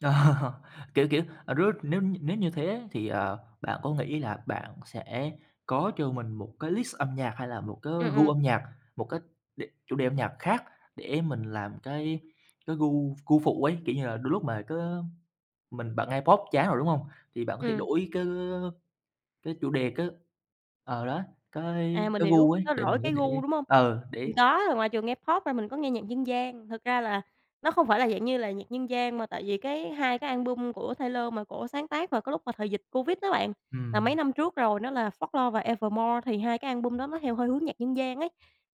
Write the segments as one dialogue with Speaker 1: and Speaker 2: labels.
Speaker 1: Kiểu, kiểu, ờ, rứa nếu nếu như thế thì, à, bạn có nghĩ là bạn sẽ có cho mình một cái list âm nhạc hay là một cái
Speaker 2: Ừm,
Speaker 1: gu
Speaker 2: ừm.
Speaker 1: âm nhạc, một cái đề chủ đề âm nhạc khác để mình làm cái cái gu gu phụ ấy? Kiểu như là đôi lúc mà có mình bạn nghe Pop chán rồi, đúng hông? Thì bạn có thể
Speaker 2: Ừm.
Speaker 1: đổi cái, ơ, cái chủ đề cái ờ, đó, cái
Speaker 2: À, mình
Speaker 1: cái
Speaker 2: hiểu.
Speaker 1: gu ấy
Speaker 2: Nó
Speaker 1: để
Speaker 2: đổi
Speaker 1: mình có
Speaker 2: cái
Speaker 1: thể
Speaker 2: gu, đúng hông?
Speaker 1: ờ,
Speaker 2: Mình
Speaker 1: để
Speaker 2: có, rồi ngoài trường nghe Pop ra mình có nghe nhạc dân gian. Thực ra là nó không phải là dạng như là nhạc dân gian mà tại vì cái 2 cái album của Taylor mà cổ sáng tác vào cái lúc mà thời dịch Covid đó bạn, là mấy
Speaker 1: Ừm.
Speaker 2: năm trước rồi, nó là "Folklore" và "Evermore". Thì 2 cái album đó nó theo hơi hướng nhạc dân gian ấy,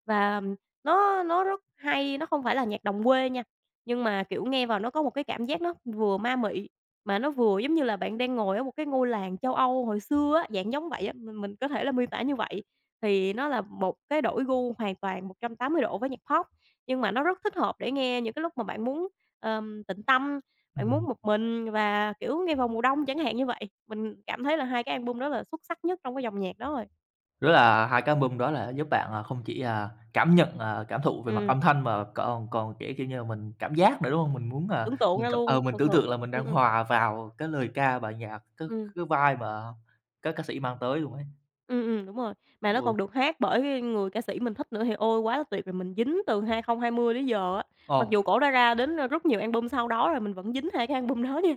Speaker 2: và, ừm, nó nó rất hay, nó không phải là nhạc đồng quê nha, nhưng mà, kiểu, nghe vào, nó có một cái cảm giác nó vừa ma mị mà nó vừa giống như là bạn đang ngồi ở một cái ngôi làng châu Âu hồi xưa á, dạng giống vậy á. Mình mình có thể là miêu tả như vậy. Thì nó là một cái đổi gu hoàn toàn 180 độ với nhạc Pop, nhưng mà nó rất thích hợp để nghe những cái lúc mà bạn muốn, ờm, tịnh tâm, bạn muốn
Speaker 1: Ừm.
Speaker 2: một mình và, kiểu, nghe vào mùa đông, chẳng hạn như vậy. Mình cảm thấy là 2 cái album đó là xuất sắc nhất trong cái dòng nhạc đó rồi.
Speaker 1: Rứa là 2 cái album đó đã giúp bạn là không chỉ, à, cảm nhận, à, cảm thụ về
Speaker 2: Ừm,
Speaker 1: mặt
Speaker 2: ừm.
Speaker 1: âm thanh mà còn còn, kiểu kiểu như là, mình cảm giác nữa, đúng hông? Mình muốn, à,
Speaker 2: Tưởng tượng
Speaker 1: mình
Speaker 2: ra
Speaker 1: c ờ,
Speaker 2: luôn,
Speaker 1: mình
Speaker 2: thực sự.
Speaker 1: tưởng tượng là mình
Speaker 2: Ừm,
Speaker 1: đang
Speaker 2: ừm.
Speaker 1: hòa vào cái lời ca bài nhạc, cái
Speaker 2: Ừm.
Speaker 1: cái vibe mà các ca sĩ mang tới luôn ấy.
Speaker 2: Ừm, ừm, đúng rồi. Mà nó
Speaker 1: Ủa?
Speaker 2: còn được hát bởi người ca sĩ mình thích nữa thì ôi, quá là tuyệt rồi! Mình dính từ 2020 tới giờ á, mặc dù
Speaker 1: Ồ.
Speaker 2: cổ đã ra đến rất nhiều album sau đó rồi, mình vẫn dính 2 cái album đó nha.